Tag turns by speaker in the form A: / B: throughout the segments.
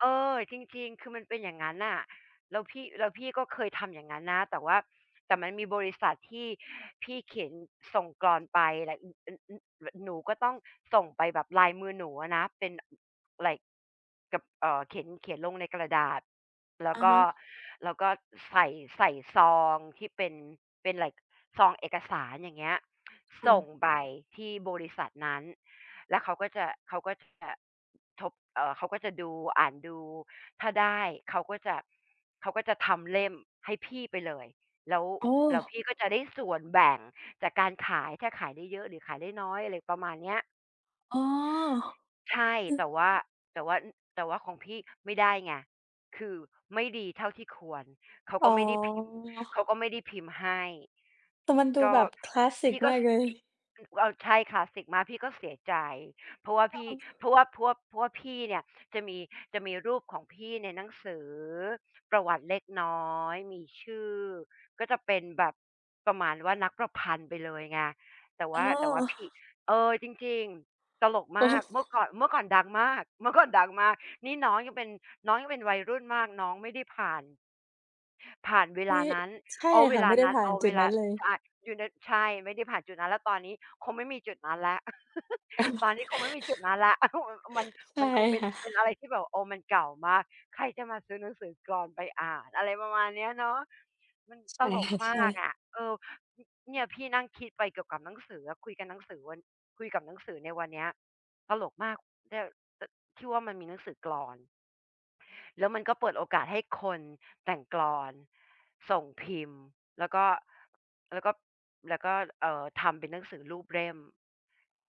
A: เออ จริง ๆ คือมันเป็นอย่างงั้นน่ะ แล้วพี่ แล้วพี่ก็เคยทำอย่างงั้นนะ แต่ว่า แต่มันมีบริษัทที่พี่เขียนส่งกลอนไป แล้ว อ อ อ อ หนูก็ต้องส่งไปแบบลายมือหนูอะนะ เป็น อ ไลก์ กับ เอ่อ เขียน เขียนลงในกระดาษ แล้
B: อ
A: ว
B: ะ
A: ก
B: ฮ
A: ็
B: ะ
A: แล้วก็ใส่ ใส่ซองที่เป็น เป็น ไลก์ ซองเอกสาร อย่างเงี้ย
B: ค่
A: ส่ง
B: ะ
A: ไปที่บริษัทนั้น แล้วเขาก็จะ เขาก็ จะ อ ทบ เอ่อ เขาก็จะดู อ่านดู ถ้าได้เขาก็จะ ช เขาก็จะทำเล่มให้พี่ไปเลย แล้ว
B: โอ้
A: แล้วพี่ก็จะได้ส่วนแบ่งจากการขาย ถ้าขายได้เยอะหรือขายได้น้อย อะไรประมาณเนี้ย
B: อ๋อ
A: ใช่
B: คื
A: แ
B: อ
A: ต่ว่า แต่ว่า อ แต่ว่าของพี่ไม่ได้ไง คือไม่ดีเท่าที่ควร เขา
B: อ๋
A: ก็
B: อ
A: ไม่ได้พิมพ์ เขาก็ไม่ได้พิมพ์ให้
B: แต่มันดู
A: ก็
B: แบบ คลาสส
A: พ
B: ิก
A: ี่ก็
B: มาก
A: ซ
B: เล
A: พี่
B: ย
A: อือ ว ใช่ คลาสสิกมาก พี่ก็เสียใจ เพราะว่า
B: ก
A: พี่
B: ็
A: เพราะว่า เพราะว่า เพราะว่าพี่เนี่ยจะมี จะมีรูปของพี่ในหนังสือประวัติเล็กน้อย มีชื่อ ก็จะเป็นแบบ ประมาณว่านักประพันธ์ไปเลยไง แต่ว
B: อ๋
A: ่
B: อ
A: า แต่ว่าพี่ เออ จริง ๆ ตลก
B: โอ
A: ม
B: ้
A: าก เมื่อก่อน เมื่อก่อนดังมาก เมื่อก่อนดังมาก นี่น้องยังเป็น น้องยังเป็นวัยรุ่นมาก น้องไม่ได้ผ่าน ผ่านเว
B: ไม
A: ล
B: ่
A: านั้น
B: ใช่
A: เอาเว
B: ค่ะ
A: ล
B: ไ
A: า
B: ม่ได้
A: นั้น
B: ผ่า
A: เอ
B: น
A: า
B: จ
A: เ
B: ุ
A: ว
B: ด
A: ล
B: นั
A: า
B: ้นเลย
A: ใช่ อยู่ใน ใช่ ไม่ได้ผ่านจุดนั้น แล้วตอนนี้คงไม่มีจุดนั้นแล้ว ตอนนี้คงไม่มีจุดนั้นแหละ มัน
B: ใช
A: ม
B: ่
A: ันคงเป็น
B: ค่ะ
A: เป็นอะไรที่แบบ โอ้ มันเก่ามาก ใครจะมาซื้อหนังสือกลอนไปอ่าน อะไรประมาณเนี้ยเนอะ มัน
B: ใช
A: ต
B: ่
A: ล
B: ค
A: ก
B: ่ะ
A: ม
B: ใช่
A: ากอะ เออ อ เนี่ยพี่นั่งคิดไปเกี่ยวกับหนังสืออะ คุยกับหนังสือวัน คุยกับหนังสือในวันเนี้ย ตลกมาก ได้ ต ที่ว่ามันมีหนังสือกลอน แล้วมันก็เปิดโอกาสให้คนแต่งกลอน ส่งพิมพ์ แล้วก็ แล้วก็ แล้วก็ เอ่อ ทำเป็นหนังสือรูปเล่ม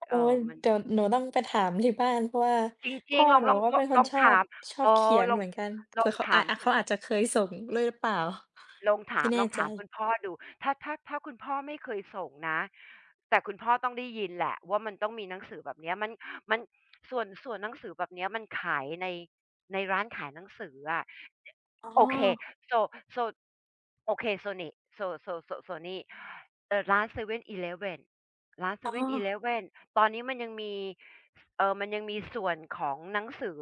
B: โ
A: เ
B: อ
A: อ
B: ๊
A: ่อ
B: ย
A: มัน
B: เดี๋ยวหนูต้องไปถามที่บ้าน เพราะว่า
A: จ
B: พ
A: ริ
B: ่
A: ง
B: อ
A: ๆ ลอ
B: ห
A: ง
B: นู
A: ลอง
B: ก็
A: ล
B: เป
A: อง
B: ็นค
A: ล
B: น
A: อง
B: ชอ
A: ถ
B: บ
A: าม
B: ชอ
A: อ
B: บ
A: ๋อ
B: เขียน
A: ลอ
B: เห
A: ง
B: มือนกัน เผ
A: ล
B: ื
A: อ
B: ่
A: ง
B: อเขา
A: ถ
B: อ
A: าม
B: อา
A: คุ
B: เข
A: ณ
B: าอาจจะเคยส่งด้วยหรือเปล่า?
A: ลองถ
B: ไม
A: า
B: ่
A: ม
B: แน่
A: ลอง
B: ใ
A: ถามคุ
B: จ
A: ณพ่อดู ถ้า ถ้า ถ้าคุณพ่อไม่เคยส่งนะ แต่คุณพ่อต้องได้ยินแหละว่ามันต้องมีหนังสือแบบเนี้ย มัน มัน ส่วน ส่วนหนังสือแบบเนี้ยมันขายใน ร้านขายหนังสืออะ จ
B: อ๋
A: โอเค
B: อ
A: So So โอเค So หนิ So So So นี่ เอ่อ ร้าน 7-Eleven ร้าน
B: อ๋อ
A: 7-Eleven ตอนนี้มันยังมี เอ่อ มันยังมีส่วนของหนังสือ